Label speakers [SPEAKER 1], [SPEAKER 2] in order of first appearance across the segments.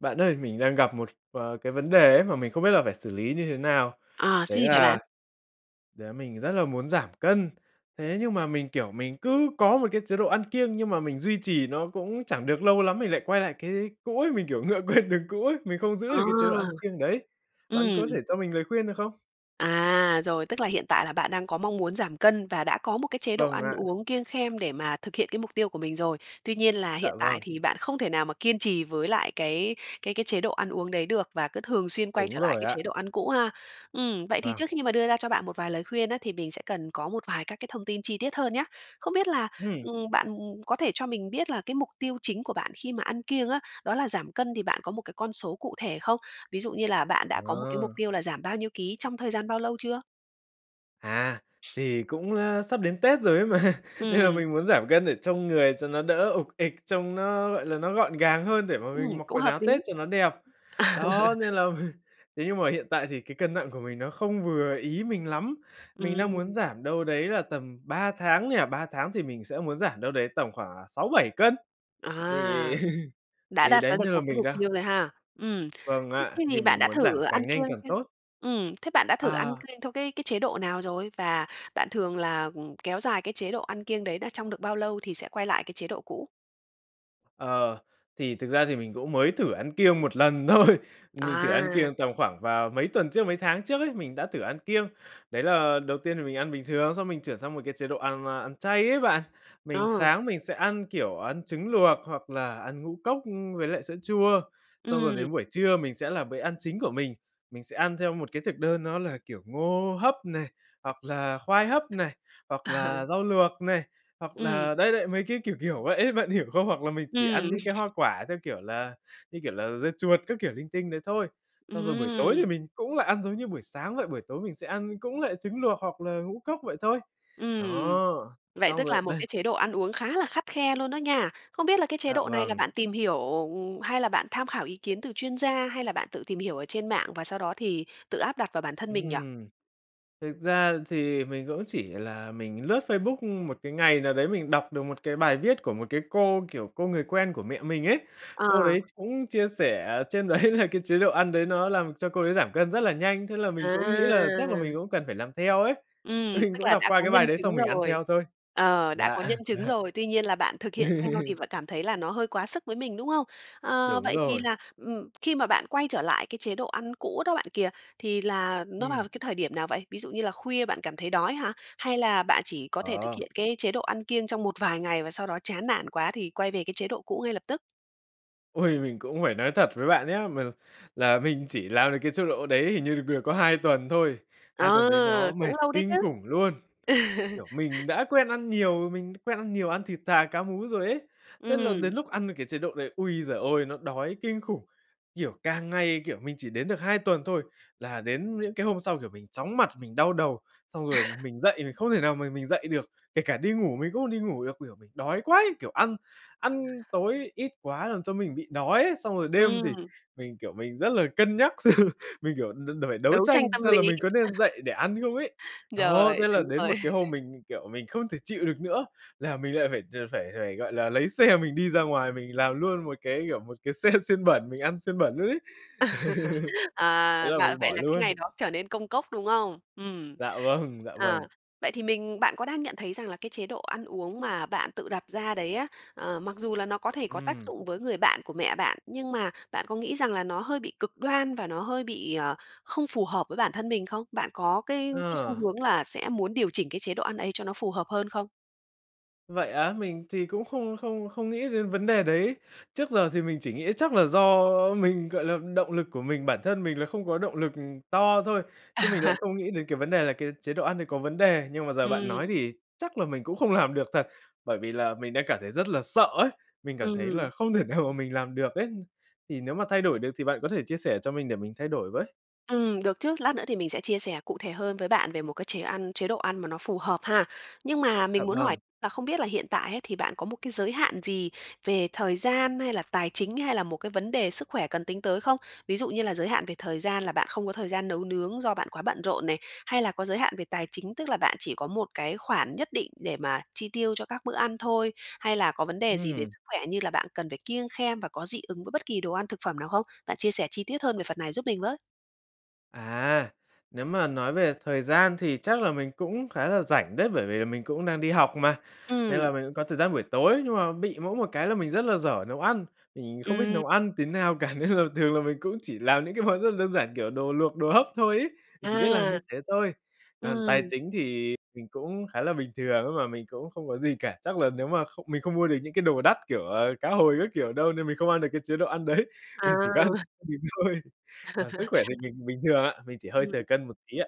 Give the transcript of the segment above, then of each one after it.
[SPEAKER 1] Bạn ơi, mình đang gặp một, ờ, cái vấn đề ấy mà mình không biết là phải xử lý như thế nào?
[SPEAKER 2] À,
[SPEAKER 1] Đấy
[SPEAKER 2] xin hả bạn?
[SPEAKER 1] là đấy mình rất là muốn giảm cân, thế nhưng mà mình, kiểu, mình cứ có một cái chế độ ăn kiêng, nhưng mà mình duy trì nó cũng chẳng được lâu lắm mình lại quay lại cái cũ ấy. Mình, kiểu, ngựa quen đường cũ ấy, mình không giữ được
[SPEAKER 2] À.
[SPEAKER 1] cái chế độ ăn kiêng đấy. Bạn có thể
[SPEAKER 2] Ừm.
[SPEAKER 1] cho mình lời khuyên được không?
[SPEAKER 2] À, rồi, tức là hiện tại là bạn đang có mong muốn giảm cân và đã có một cái chế độ
[SPEAKER 1] Vâng
[SPEAKER 2] ăn
[SPEAKER 1] ạ.
[SPEAKER 2] uống kiêng khem để mà thực hiện cái mục tiêu của mình rồi. Tuy nhiên là
[SPEAKER 1] Dạ
[SPEAKER 2] hiện tại
[SPEAKER 1] vâng.
[SPEAKER 2] thì bạn không thể nào mà kiên trì với lại cái cái cái chế độ ăn uống đấy được, và cứ thường xuyên quay
[SPEAKER 1] Đúng
[SPEAKER 2] trở lại
[SPEAKER 1] rồi
[SPEAKER 2] cái chế
[SPEAKER 1] ạ.
[SPEAKER 2] độ ăn cũ ha. Ừm, vậy thì
[SPEAKER 1] Vâng.
[SPEAKER 2] trước khi mà đưa ra cho bạn một vài lời khuyên á, thì mình sẽ cần có một vài các cái thông tin chi tiết hơn nhá. Không biết là,
[SPEAKER 1] Ừm.
[SPEAKER 2] ừm, bạn có thể cho mình biết là cái mục tiêu chính của bạn khi mà ăn kiêng á, đó là giảm cân thì bạn có một cái con số cụ thể không? Ví dụ như là bạn đã có một cái mục
[SPEAKER 1] À.
[SPEAKER 2] tiêu là giảm bao nhiêu ký trong thời gian bao lâu chưa?
[SPEAKER 1] À, thì cũng, a, sắp đến Tết rồi ấy mà, nên là
[SPEAKER 2] Ừm.
[SPEAKER 1] mình muốn giảm cân để trông người cho nó đỡ ục ịch, trông nó, gọi là, nó gọn gàng hơn để mà mình
[SPEAKER 2] Ừm,
[SPEAKER 1] mặc
[SPEAKER 2] cũng
[SPEAKER 1] quần
[SPEAKER 2] hợp
[SPEAKER 1] áo Tết
[SPEAKER 2] lý.
[SPEAKER 1] cho nó đẹp.
[SPEAKER 2] À!
[SPEAKER 1] Đó, nên là mình thế nhưng mà hiện tại thì cái cân nặng của mình nó không vừa ý mình lắm. Mình đang muốn
[SPEAKER 2] Ừm.
[SPEAKER 1] giảm đâu đấy là tầm 3 tháng nha, 3 tháng thì mình sẽ muốn giảm đâu đấy tầm khoảng, à, 6, 7 cân.
[SPEAKER 2] À.
[SPEAKER 1] Thì
[SPEAKER 2] Đã
[SPEAKER 1] thì
[SPEAKER 2] đặt ra
[SPEAKER 1] đấy
[SPEAKER 2] được
[SPEAKER 1] nên
[SPEAKER 2] một
[SPEAKER 1] là
[SPEAKER 2] cái
[SPEAKER 1] mình
[SPEAKER 2] mục
[SPEAKER 1] đang
[SPEAKER 2] tiêu rồi ha. Ừm.
[SPEAKER 1] Vâng ạ,
[SPEAKER 2] Thế
[SPEAKER 1] thì
[SPEAKER 2] thì bạn
[SPEAKER 1] mình
[SPEAKER 2] đã
[SPEAKER 1] muốn giảm
[SPEAKER 2] thử ăn
[SPEAKER 1] càng nhanh
[SPEAKER 2] kiêng
[SPEAKER 1] càng
[SPEAKER 2] chưa?
[SPEAKER 1] tốt.
[SPEAKER 2] Ừm, thế bạn đã thử ăn
[SPEAKER 1] À.
[SPEAKER 2] kiêng theo cái cái chế độ nào rồi? Và bạn thường là, ừm, kéo dài cái chế độ ăn kiêng đấy đó trong được bao lâu thì sẽ quay lại cái chế độ cũ?
[SPEAKER 1] Ờ, thì thực ra thì mình cũng mới thử ăn kiêng 1 lần thôi, mình thử ăn
[SPEAKER 2] À.
[SPEAKER 1] kiêng tầm khoảng vào mấy tuần trước, mấy tháng trước ấy, mình đã thử ăn kiêng. Đấy là đầu tiên thì mình ăn bình thường, xong mình chuyển sang một cái chế độ ăn ma ăn chay ấy bạn. Mình
[SPEAKER 2] Ờ.
[SPEAKER 1] sáng mình sẽ ăn, kiểu, ăn trứng luộc hoặc là ăn ngũ cốc, ưm, với lại sữa chua, xong rồi
[SPEAKER 2] Ừm.
[SPEAKER 1] đến buổi trưa mình sẽ là bữa ăn chính của mình, mình sẽ ăn theo một cái thực đơn nó là, kiểu, ngô hấp này, hoặc là khoai hấp này, hoặc
[SPEAKER 2] Ờ.
[SPEAKER 1] là rau luộc này, hoặc
[SPEAKER 2] Ừm.
[SPEAKER 1] là đấy đấy, mấy cái kiểu kiểu vậy ấy, bạn hiểu không? Hoặc là mình chỉ ăn
[SPEAKER 2] Ừm.
[SPEAKER 1] những cái hoa quả, theo kiểu là, như kiểu là, dưa chuột các kiểu linh tinh đấy thôi. Xong rồi buổi tối thì
[SPEAKER 2] Ừm.
[SPEAKER 1] mình cũng lại ăn giống như buổi sáng vậy, buổi tối mình sẽ ăn cũng lại trứng luộc hoặc là ngũ cốc vậy thôi.
[SPEAKER 2] Ừm.
[SPEAKER 1] Đó,
[SPEAKER 2] Vậy
[SPEAKER 1] xong
[SPEAKER 2] tức là
[SPEAKER 1] rồi
[SPEAKER 2] một
[SPEAKER 1] đây
[SPEAKER 2] cái chế độ ăn uống khá là khắt khe luôn đó nha. Không biết là cái chế
[SPEAKER 1] Dạ
[SPEAKER 2] độ này là
[SPEAKER 1] vầng.
[SPEAKER 2] bạn tìm hiểu hay là bạn tham khảo ý kiến từ chuyên gia, hay là bạn tự tìm hiểu ở trên mạng và sau đó thì tự áp đặt vào bản thân mình nhỉ?
[SPEAKER 1] Ừm, thực ra thì mình cũng chỉ là mình lướt Facebook một cái ngày nào đấy, mình đọc được một cái bài viết của một cái cô, kiểu, cô người quen của mẹ mình ấy, cô đấy
[SPEAKER 2] À.
[SPEAKER 1] ch cũng chia sẻ trên đấy là cái chế độ ăn đấy nó làm cho cô ấy giảm cân rất là nhanh. Thế là mình cũng nghĩ là chắc là mình
[SPEAKER 2] À!
[SPEAKER 1] cũng cần phải làm theo ấy,
[SPEAKER 2] Ừm,
[SPEAKER 1] mình
[SPEAKER 2] tức
[SPEAKER 1] cũng
[SPEAKER 2] là
[SPEAKER 1] đọc
[SPEAKER 2] đã
[SPEAKER 1] qua
[SPEAKER 2] có
[SPEAKER 1] cái bài
[SPEAKER 2] nhân
[SPEAKER 1] đấy
[SPEAKER 2] chứng
[SPEAKER 1] xong mình ăn
[SPEAKER 2] rồi,
[SPEAKER 1] theo thôi.
[SPEAKER 2] ờ, đã
[SPEAKER 1] Dạ,
[SPEAKER 2] có nhân chứng
[SPEAKER 1] dạ.
[SPEAKER 2] rồi, tuy nhiên là bạn thực hiện theo thì vợ cảm thấy là nó hơi quá sức với mình, đúng không? Ờ,
[SPEAKER 1] Đúng
[SPEAKER 2] vậy thì
[SPEAKER 1] rồi.
[SPEAKER 2] là, ừm, khi mà bạn quay trở lại cái chế độ ăn cũ đó bạn kìa, thì là nó vào
[SPEAKER 1] Ừm.
[SPEAKER 2] cái thời điểm nào vậy? Ví dụ như là khuya bạn cảm thấy đói hả? Hay là bạn chỉ có thể thực
[SPEAKER 1] Ờ.
[SPEAKER 2] hiện cái chế độ ăn kiêng trong một vài ngày, và sau đó chán nản quá thì quay về cái chế độ cũ ngay lập tức?
[SPEAKER 1] Ôi! Mình cũng phải nói thật với bạn nhá, m là mình chỉ làm được cái chế độ đấy hình như được được có 2 tuần thôi, 2
[SPEAKER 2] Ờ,
[SPEAKER 1] tuần đấy nó
[SPEAKER 2] cũng
[SPEAKER 1] mệt
[SPEAKER 2] lâu đấy
[SPEAKER 1] kinh
[SPEAKER 2] chứ.
[SPEAKER 1] khủng luôn. Kiểu, mình đã quen ăn nhiều mình quen ăn nhiều, ăn thịt thà, cá mú rồi ấy, tức là đến
[SPEAKER 2] Ừm.
[SPEAKER 1] lúc ăn vào cái chế độ này, ui giời ơi, nó đói kinh khủng! Kiểu, càng ngày, kiểu, mình chỉ đến được 2 tuần thôi là đến những cái hôm sau, kiểu, mình chóng mặt, mình đau đầu, xong rồi mình dậy mình không thể nào mà mình dậy được, kể cả đi ngủ mình cũng không đi ngủ được. Kiểu, mình đói quá, kiểu, ăn ăn tối ít quá làm cho mình bị đói ấy, xong rồi đêm thì
[SPEAKER 2] Ừm.
[SPEAKER 1] mình, kiểu, mình rất là cân nhắc xem mình, kiểu, n đ phải đấu
[SPEAKER 2] Đấu tranh
[SPEAKER 1] tranh
[SPEAKER 2] tâm
[SPEAKER 1] xem là
[SPEAKER 2] lý,
[SPEAKER 1] mình có
[SPEAKER 2] ờ.
[SPEAKER 1] nên dậy để ăn không ấy. Đó,
[SPEAKER 2] Rồi,
[SPEAKER 1] thế là
[SPEAKER 2] đúng
[SPEAKER 1] đến
[SPEAKER 2] rồi.
[SPEAKER 1] một cái hôm mình, kiểu, mình không thể chịu được nữa là mình lại phải phải phải, gọi là, lấy xe mình đi ra ngoài, mình làm luôn một cái, kiểu, một cái xe xiên bẩn mình ăn xiên bẩn luôn ấy, thế
[SPEAKER 2] À
[SPEAKER 1] là
[SPEAKER 2] và
[SPEAKER 1] mình
[SPEAKER 2] vậy
[SPEAKER 1] bỏ
[SPEAKER 2] là cái
[SPEAKER 1] luôn.
[SPEAKER 2] ngày đó trở nên công cốc, đúng không? Ừm,
[SPEAKER 1] Dạ vâng, dạ
[SPEAKER 2] ờ.
[SPEAKER 1] vâng.
[SPEAKER 2] Vậy thì mình bạn có đang nhận thấy rằng là cái chế độ ăn uống mà bạn tự đặt ra đấy á, ờ, mặc dù là nó có thể có tác
[SPEAKER 1] Ừm.
[SPEAKER 2] dụng với người bạn của mẹ bạn, nhưng mà bạn có nghĩ rằng là nó hơi bị cực đoan và nó hơi bị, ờ, không phù hợp với bản thân mình không? Bạn có cái cái xu
[SPEAKER 1] Ờ.
[SPEAKER 2] hướng là sẽ muốn điều chỉnh cái chế độ ăn ấy cho nó phù hợp hơn không?
[SPEAKER 1] Vậy á, mình thì cũng không không không nghĩ đến vấn đề đấy. Trước giờ thì mình chỉ nghĩ chắc là do mình gọi là, động lực của mình bản thân mình là không có động lực to thôi, chứ mình lại không nghĩ đến cái vấn đề là cái chế độ ăn đấy có vấn đề. Nhưng mà giờ bạn
[SPEAKER 2] Ừm.
[SPEAKER 1] nói thì chắc là mình cũng không làm được thật, bởi vì là mình đang cảm thấy rất là sợ ấy! Mình cảm thấy
[SPEAKER 2] Ừm.
[SPEAKER 1] là không thể nào mà mình làm được ấy. Thì nếu mà thay đổi được thì bạn có thể chia sẻ cho mình để mình thay đổi với.
[SPEAKER 2] Ừm, được chứ, lát nữa thì mình sẽ chia sẻ cụ thể hơn với bạn về một cái chế ăn, chế độ ăn mà nó phù hợp ha. Nhưng mà
[SPEAKER 1] Dạ
[SPEAKER 2] mình muốn hỏi
[SPEAKER 1] vâng.
[SPEAKER 2] là không biết là hiện tại ấy thì bạn có một cái giới hạn gì về thời gian hay là tài chính hay là một cái vấn đề sức khỏe cần tính tới không? Ví dụ như là giới hạn về thời gian là bạn không có thời gian nấu nướng do bạn quá bận rộn này, hay là có giới hạn về tài chính, tức là bạn chỉ có một cái khoản nhất định để mà chi tiêu cho các bữa ăn thôi, hay là có vấn đề gì về
[SPEAKER 1] Ừm.
[SPEAKER 2] sức khỏe như là bạn cần phải kiêng khem và có dị ứng với bất kỳ đồ ăn, thực phẩm nào không? Bạn chia sẻ chi tiết hơn về phần này giúp mình với.
[SPEAKER 1] À, nếu mà nói về thời gian thì chắc là mình cũng khá là rảnh đấy, bởi vì là mình cũng đang đi học mà, nên
[SPEAKER 2] Ừm.
[SPEAKER 1] là mình cũng có thời gian buổi tối. Nhưng mà bị mỗi một cái là mình rất là dở nấu ăn, mình không biết
[SPEAKER 2] Ừm.
[SPEAKER 1] nấu ăn tí nào cả nên là thường là mình cũng chỉ làm những cái món rất là đơn giản, kiểu, đồ luộc, đồ hấp thôi ấy, mình chỉ biết làm như
[SPEAKER 2] À.
[SPEAKER 1] thế thôi. Còn tài
[SPEAKER 2] Ừm.
[SPEAKER 1] chính thì mình cũng khá là bình thường nhưng mà mình cũng không có gì cả, chắc là nếu mà không mình không mua được những cái đồ đắt, kiểu, ờ, cá hồi các kiểu đâu nên mình không ăn được cái chế độ ăn đấy, mình chỉ có ăn
[SPEAKER 2] À.
[SPEAKER 1] [unintelligible] mình thôi. Còn sức khỏe thì mình bình thường ạ, mình chỉ hơi thừa
[SPEAKER 2] Ừm.
[SPEAKER 1] cân một tí ạ.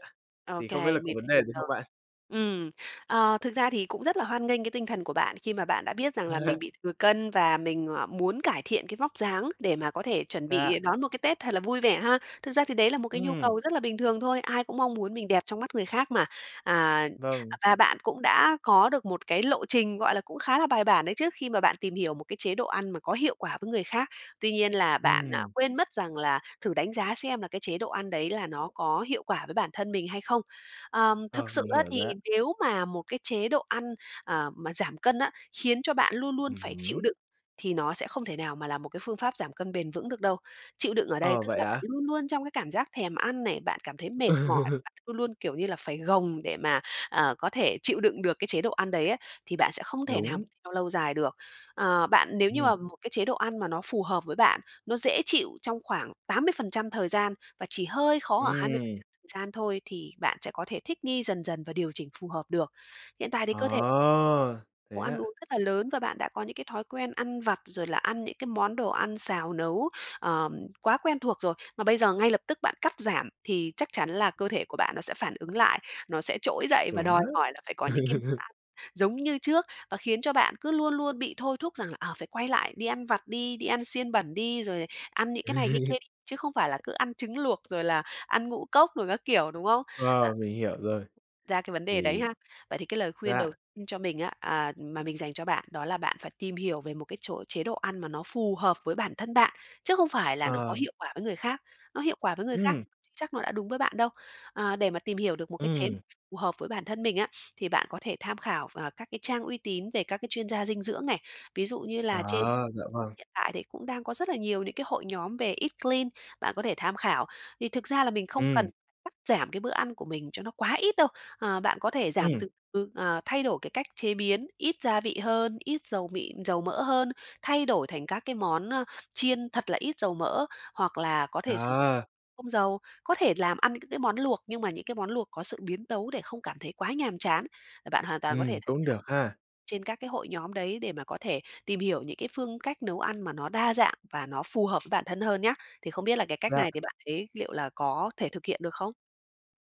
[SPEAKER 1] Thì
[SPEAKER 2] OK,
[SPEAKER 1] không biết là có
[SPEAKER 2] mình đã
[SPEAKER 1] vấn đề
[SPEAKER 2] hiểu
[SPEAKER 1] gì không
[SPEAKER 2] rồi.
[SPEAKER 1] bạn?
[SPEAKER 2] Ừm. Ờ, thực ra thì cũng rất là hoan nghênh cái tinh thần của bạn khi mà bạn đã biết rằng là mình bị thừa cân và mình, à, muốn cải thiện cái vóc dáng để mà có thể chuẩn
[SPEAKER 1] Dạ.
[SPEAKER 2] bị đón một cái Tết thật là vui vẻ ha. Thực ra thì đấy là một cái nhu
[SPEAKER 1] Ừm.
[SPEAKER 2] cầu rất là bình thường thôi. Ai cũng mong muốn mình đẹp trong mắt người khác mà. À,
[SPEAKER 1] Vâng.
[SPEAKER 2] và bạn cũng đã có được một cái lộ trình, gọi là, cũng khá là bài bản đấy, trước khi mà bạn tìm hiểu một cái chế độ ăn mà có hiệu quả với người khác. Tuy nhiên là bạn, à,
[SPEAKER 1] Ừm.
[SPEAKER 2] quên mất rằng là thử đánh giá xem là cái chế độ ăn đấy là nó có hiệu quả với bản thân mình hay không? Ờm, thực
[SPEAKER 1] Ờ,
[SPEAKER 2] sự
[SPEAKER 1] mình
[SPEAKER 2] á
[SPEAKER 1] hiểu
[SPEAKER 2] thì
[SPEAKER 1] rồi ạ.
[SPEAKER 2] nếu mà một cái chế độ ăn, ờ, mà giảm cân á, khiến cho bạn luôn luôn
[SPEAKER 1] Ừm
[SPEAKER 2] phải chịu
[SPEAKER 1] hứm.
[SPEAKER 2] đựng thì nó sẽ không thể nào mà là một cái phương pháp giảm cân bền vững được đâu. Chịu đựng ở đây
[SPEAKER 1] Ờ,
[SPEAKER 2] tức
[SPEAKER 1] vậy
[SPEAKER 2] là bạn
[SPEAKER 1] ạ?
[SPEAKER 2] luôn luôn trong cái cảm giác thèm ăn này, bạn cảm thấy mệt mỏi, bạn luôn luôn, kiểu như là, phải gồng để mà, à, có thể chịu đựng được cái chế độ ăn đấy á, thì bạn sẽ không thể nào
[SPEAKER 1] Đúng.
[SPEAKER 2] theo lâu dài được. À, bạn nếu như
[SPEAKER 1] Ừm.
[SPEAKER 2] mà một cái chế độ ăn mà nó phù hợp với bạn, nó dễ chịu trong khoảng 80% thời gian, và chỉ hơi khó ở hai mươi phần
[SPEAKER 1] Ừm.
[SPEAKER 2] trăm thời gian thôi, thì bạn sẽ có thể thích nghi dần dần và điều chỉnh phù hợp được. Hiện tại thì cơ thể
[SPEAKER 1] Ờ,
[SPEAKER 2] có
[SPEAKER 1] thế
[SPEAKER 2] ăn uống
[SPEAKER 1] ạ!
[SPEAKER 2] rất là lớn và bạn đã có những cái thói quen ăn vặt rồi là ăn những cái món đồ ăn xào nấu, ờ, quá quen thuộc rồi. Mà bây giờ ngay lập tức bạn cắt giảm thì chắc chắn là cơ thể của bạn nó sẽ phản ứng lại, nó sẽ trỗi dậy và
[SPEAKER 1] Đúng
[SPEAKER 2] đòi
[SPEAKER 1] đó.
[SPEAKER 2] hỏi là phải có những cái bữa ăn giống như trước và khiến cho bạn cứ luôn luôn bị thôi thúc rằng là "Ờ, phải quay lại, đi ăn vặt đi, đi ăn xiên bẩn đi!" rồi "Ăn những cái này cái kia đi!" Chứ không phải là cứ ăn trứng luộc rồi là ăn ngũ cốc đồ các kiểu, đúng không? À.
[SPEAKER 1] Ờ, mình hiểu rồi.
[SPEAKER 2] ra cái vấn đề đấy
[SPEAKER 1] Thì
[SPEAKER 2] ha. Vậy thì cái lời khuyên
[SPEAKER 1] Dạ.
[SPEAKER 2] đầu cho mình á à, mà mình dành cho bạn đó là bạn phải tìm hiểu về một cái chỗ chế độ ăn mà nó phù hợp với bản thân bạn, chứ không phải là nó có
[SPEAKER 1] Ờ.
[SPEAKER 2] hiệu quả với người khác. Nó hiệu quả với người khác,
[SPEAKER 1] Ừm.
[SPEAKER 2] nhưng chưa chắc nó đã đúng với bạn đâu. À, để mà tìm hiểu được một cái chế độ
[SPEAKER 1] Ừm.
[SPEAKER 2] phù hợp với bản thân mình á, thì bạn có thể tham khảo v các cái trang uy tín về các cái chuyên gia dinh dưỡng này. Ví dụ như là trên
[SPEAKER 1] À, dạ vâng.
[SPEAKER 2] hiện tại thì cũng đang có rất là nhiều những cái hội nhóm về eat clean bạn có thể tham khảo. Thì thực ra là mình không cần
[SPEAKER 1] Ừm.
[SPEAKER 2] cắt giảm cái bữa ăn của mình cho nó quá ít đâu, ờ, bạn có thể giảm
[SPEAKER 1] Ừm.
[SPEAKER 2] từ từ, ờ, thay đổi cái cách chế biến, ít gia vị hơn, ít dầu mịn dầu mỡ hơn, thay đổi thành các cái món, ơ, chiên thật là ít dầu mỡ, hoặc là có thể sử dụng
[SPEAKER 1] À.
[SPEAKER 2] không dầu. Có thể làm ăn những cái món luộc, nhưng mà những cái món luộc có sự biến tấu để không cảm thấy quá nhàm chán. Bạn hoàn toàn có thể
[SPEAKER 1] Ừm,
[SPEAKER 2] tham
[SPEAKER 1] cũng được ha.
[SPEAKER 2] khảo trên các cái hội nhóm đấy để mà có thể tìm hiểu những cái phương cách nấu ăn mà nó đa dạng và nó phù hợp với bản thân hơn nhá. Thì không biết là cái cách
[SPEAKER 1] Dạ.
[SPEAKER 2] này thì bạn thấy liệu là có thể thực hiện được không?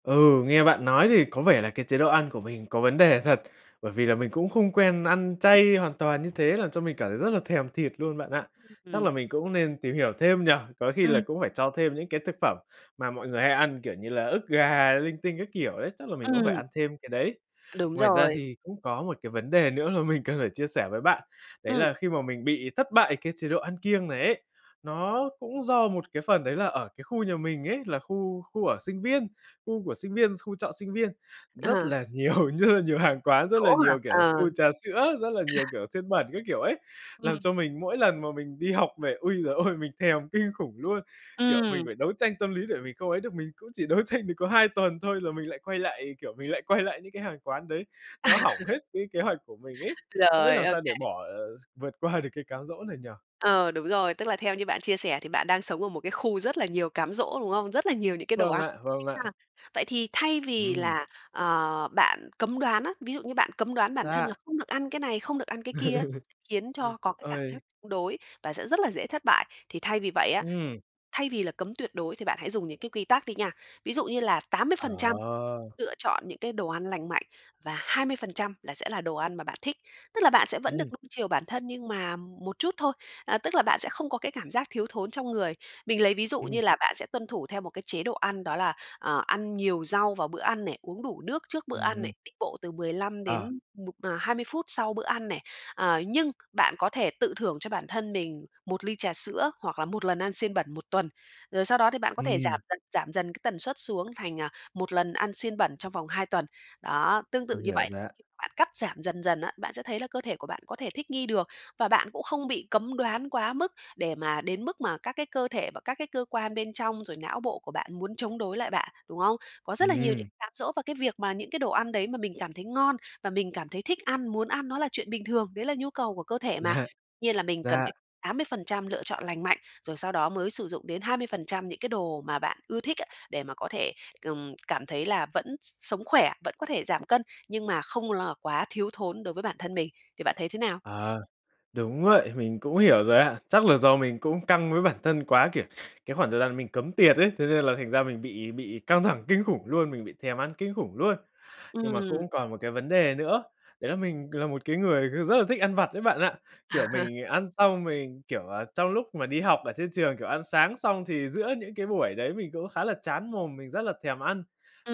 [SPEAKER 1] Ừ, nghe bạn nói thì có vẻ là cái chế độ ăn của mình có vấn đề thật, bởi vì là mình cũng không quen ăn chay hoàn toàn như thế, làm cho mình cảm thấy rất là thèm thịt luôn bạn ạ. Chắc
[SPEAKER 2] Ừm.
[SPEAKER 1] là mình cũng nên tìm hiểu thêm nhỉ, có khi là
[SPEAKER 2] Ừm.
[SPEAKER 1] cũng phải cho thêm những cái thực phẩm mà mọi người hay ăn kiểu như là ức gà, linh tinh các kiểu đấy, chắc là mình cũng phải
[SPEAKER 2] Ừm.
[SPEAKER 1] ăn thêm cái đấy.
[SPEAKER 2] Đúng
[SPEAKER 1] Ngoài ra
[SPEAKER 2] rồi.
[SPEAKER 1] gì cũng có một cái vấn đề nữa mà mình cần phải chia sẻ với bạn, đấy
[SPEAKER 2] Ừm.
[SPEAKER 1] là khi mà mình bị thất bại cái chế độ ăn kiêng này ấy, nó cũng do một cái phần đấy là ở cái khu nhà mình ấy, là khu khu ở sinh viên khu của sinh viên xu trọ sinh viên. Rất
[SPEAKER 2] Ờ.
[SPEAKER 1] là nhiều như nhiều hàng quán, rất là
[SPEAKER 2] Chỗ mà
[SPEAKER 1] nhiều, kiểu là, khu
[SPEAKER 2] ờ.
[SPEAKER 1] trà sữa, rất là nhiều, kiểu, xiên bẩn các kiểu ấy, làm
[SPEAKER 2] Ừm.
[SPEAKER 1] cho mình mỗi lần mà mình đi học về, ôi giời ôi! Mình thèm kinh khủng luôn, kiểu, mình
[SPEAKER 2] Ừm.
[SPEAKER 1] phải đấu tranh tâm lý để mình không ấy được, mình cũng chỉ đấu tranh được có 2 tuần thôi, rồi mình lại quay lại, kiểu, mình lại quay lại những cái hàng quán đấy, nó hỏng hết cái kế hoạch của mình ấy. Không biết
[SPEAKER 2] Rồi,
[SPEAKER 1] làm
[SPEAKER 2] ô
[SPEAKER 1] sao để
[SPEAKER 2] kê.
[SPEAKER 1] bỏ, ờ, gi vượt qua được cái cám dỗ này nhỉ?
[SPEAKER 2] Ờ, đúng rồi, tức là theo như bạn chia sẻ thì bạn đang sống ở một cái khu rất là nhiều cám dỗ, đúng không? Rất là nhiều những cái đồ
[SPEAKER 1] Vâng
[SPEAKER 2] ăn,
[SPEAKER 1] ạ, vâng
[SPEAKER 2] thích ha!
[SPEAKER 1] ạ.
[SPEAKER 2] Vậy thì thay vì
[SPEAKER 1] Ừm.
[SPEAKER 2] là, ờ, bạn cấm đoán á, ví dụ như bạn cấm đoán bản thân
[SPEAKER 1] Dạ.
[SPEAKER 2] là không được ăn cái này, không được ăn cái kia á, khiến cho có cái cảm giác
[SPEAKER 1] Ôi.
[SPEAKER 2] chống đối và sẽ rất là dễ thất bại. Thì thay vì vậy á,
[SPEAKER 1] Ừm.
[SPEAKER 2] thay vì là cấm tuyệt đối thì bạn hãy dùng những cái quy tắc đi nha, ví dụ như là tám mươi
[SPEAKER 1] Ờ.
[SPEAKER 2] phần trăm lựa chọn những cái đồ ăn lành mạnh, và 20% là sẽ là đồ ăn mà bạn thích, tức là bạn sẽ vẫn
[SPEAKER 1] Ừm.
[SPEAKER 2] được nuông chiều bản thân nhưng mà một chút thôi, à, tức là bạn sẽ không có cái cảm giác thiếu thốn trong người. Mình lấy ví dụ
[SPEAKER 1] Ừm.
[SPEAKER 2] như là bạn sẽ tuân thủ theo một cái chế độ ăn, đó là, ờ, ăn nhiều rau vào bữa ăn này, uống đủ nước trước bữa ăn
[SPEAKER 1] Ừm.
[SPEAKER 2] này, đi bộ từ 15 đến
[SPEAKER 1] Ờ.
[SPEAKER 2] 1 mà 20 phút sau bữa ăn này. À, nhưng bạn có thể tự thưởng cho bản thân mình 1 ly trà sữa hoặc là 1 lần ăn xiên bẩn 1 tuần, rồi sau đó thì bạn có thể
[SPEAKER 1] Ừm.
[SPEAKER 2] giảm dần, giảm dần cái tần suất xuống thành, à, 1 lần ăn xiên bẩn trong vòng 2 tuần. Đó, tương tự
[SPEAKER 1] Mình
[SPEAKER 2] như
[SPEAKER 1] hiểu
[SPEAKER 2] vậy,
[SPEAKER 1] rồi ạ.
[SPEAKER 2] bạn cắt giảm dần dần á, bạn sẽ thấy là cơ thể của bạn có thể thích nghi được, và bạn cũng không bị cấm đoán quá mức, để mà đến mức mà các cái cơ thể, và các cái cơ quan bên trong, rồi não bộ của bạn muốn chống đối lại bạn, đúng không? Có rất là nhiều những
[SPEAKER 1] Ừm.
[SPEAKER 2] cám dỗ, và cái việc mà những cái đồ ăn đấy mà mình cảm thấy ngon, và mình cảm thấy thích ăn, muốn ăn nó là chuyện bình thường, đấy là nhu cầu của cơ thể mà.
[SPEAKER 1] Dạ,
[SPEAKER 2] Nhiên là mình cần
[SPEAKER 1] dạ.
[SPEAKER 2] phải 80% lựa chọn lành mạnh, rồi sau đó mới sử dụng đến 20% những cái đồ mà bạn ưa thích á, để mà có thể, ừm, cảm thấy là vẫn s sống khỏe, vẫn có thể giảm cân, nhưng mà không là quá thiếu thốn đối với bản thân mình, thì bạn thấy thế nào?
[SPEAKER 1] Ờ, đúng vậy, mình cũng hiểu rồi ạ. Chắc là do mình cũng căng với bản thân quá, kiểu, cái khoảng thời gian mình cấm tiệt ấy, thế nên là thành ra mình bị bị căng thẳng kinh khủng luôn, mình bị thèm ăn kinh khủng luôn. Nhưng mà
[SPEAKER 2] Ừm.
[SPEAKER 1] cũng còn một cái vấn đề nữa, đấy là mình là một cái người, kiểu, rất là thích ăn vặt đấy bạn ạ, kiểu, mình ăn xong mình, kiểu, à trong lúc mà đi học ở trên trường, kiểu, ăn sáng xong thì giữa những cái buổi đấy, mình cũng khá là chán mồm, mình rất là thèm ăn.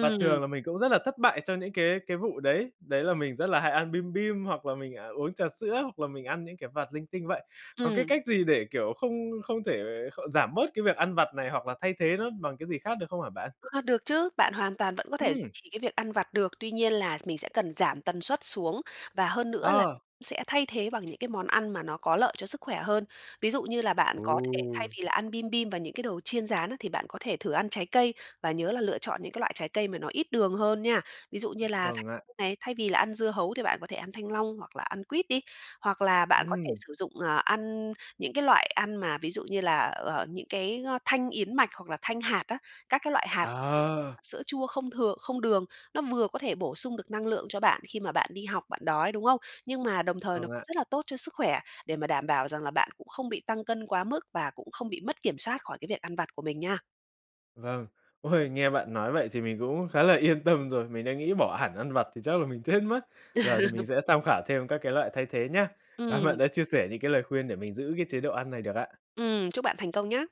[SPEAKER 1] Và thường là mình cũng rất là thất bại trong những cái cái vụ đấy, đấy là mình rất là hay ăn bim bim, hoặc là mình, à, uống trà sữa, hoặc là mình ăn những cái vặt linh tinh vậy. Có cái
[SPEAKER 2] Ừm.
[SPEAKER 1] cách gì để, kiểu, không không thể kh giảm bớt cái việc ăn vặt này, hoặc là thay thế nó bằng cái gì khác được không hả bạn?
[SPEAKER 2] A, được chứ, bạn hoàn toàn vẫn có thể duy
[SPEAKER 1] Ừm.
[SPEAKER 2] trì cái việc ăn vặt được, tuy nhiên là mình sẽ cần giảm tần suất xuống, và hơn nữa là
[SPEAKER 1] Ờ.
[SPEAKER 2] sẽ thay thế bằng những cái món ăn mà nó có lợi cho sức khỏe hơn. Ví dụ như là bạn có thể
[SPEAKER 1] Ồ!
[SPEAKER 2] thay vì là ăn bim bim và những cái đồ chiên rán, thì bạn có thể thử ăn trái cây và nhớ là lựa chọn những cái loại trái cây mà nó ít đường hơn nha. Ví dụ như là thanh
[SPEAKER 1] Vâng ạ.
[SPEAKER 2] này, thay vì là ăn dưa hấu thì bạn có thể ăn thanh long hoặc là ăn quýt đi, hoặc là bạn có thể
[SPEAKER 1] Ừm.
[SPEAKER 2] sử dụng, à ăn những cái loại ăn mà ví dụ như là, ờ, những cái, a, thanh yến mạch hoặc là thanh hạt á, các cái loại hạt,
[SPEAKER 1] Ờ.
[SPEAKER 2] sữa chua không thừa không đường. Nó vừa có thể bổ sung được năng lượng cho bạn khi mà bạn đi học bạn đói, đúng không? Nhưng mà đồng thời nó
[SPEAKER 1] Vâng ạ.
[SPEAKER 2] rất là tốt cho sức khỏe, để mà đảm bảo rằng là bạn cũng không bị tăng cân quá mức, và cũng không bị mất kiểm soát khỏi cái việc ăn vặt của mình nha.
[SPEAKER 1] Vâng. Ôi, nghe bạn nói vậy thì mình cũng khá là yên tâm rồi, mình đã nghĩ bỏ hẳn ăn vặt thì chắc là mình chết mất. Giờ thì mình sẽ tham khảo thêm các cái loại thay thế nhá, cám ơn bạn
[SPEAKER 2] Ừm.
[SPEAKER 1] đã chia sẻ những cái lời khuyên để mình giữ cái chế độ ăn này được ạ.
[SPEAKER 2] Ừm, chúc bạn thành công nhá.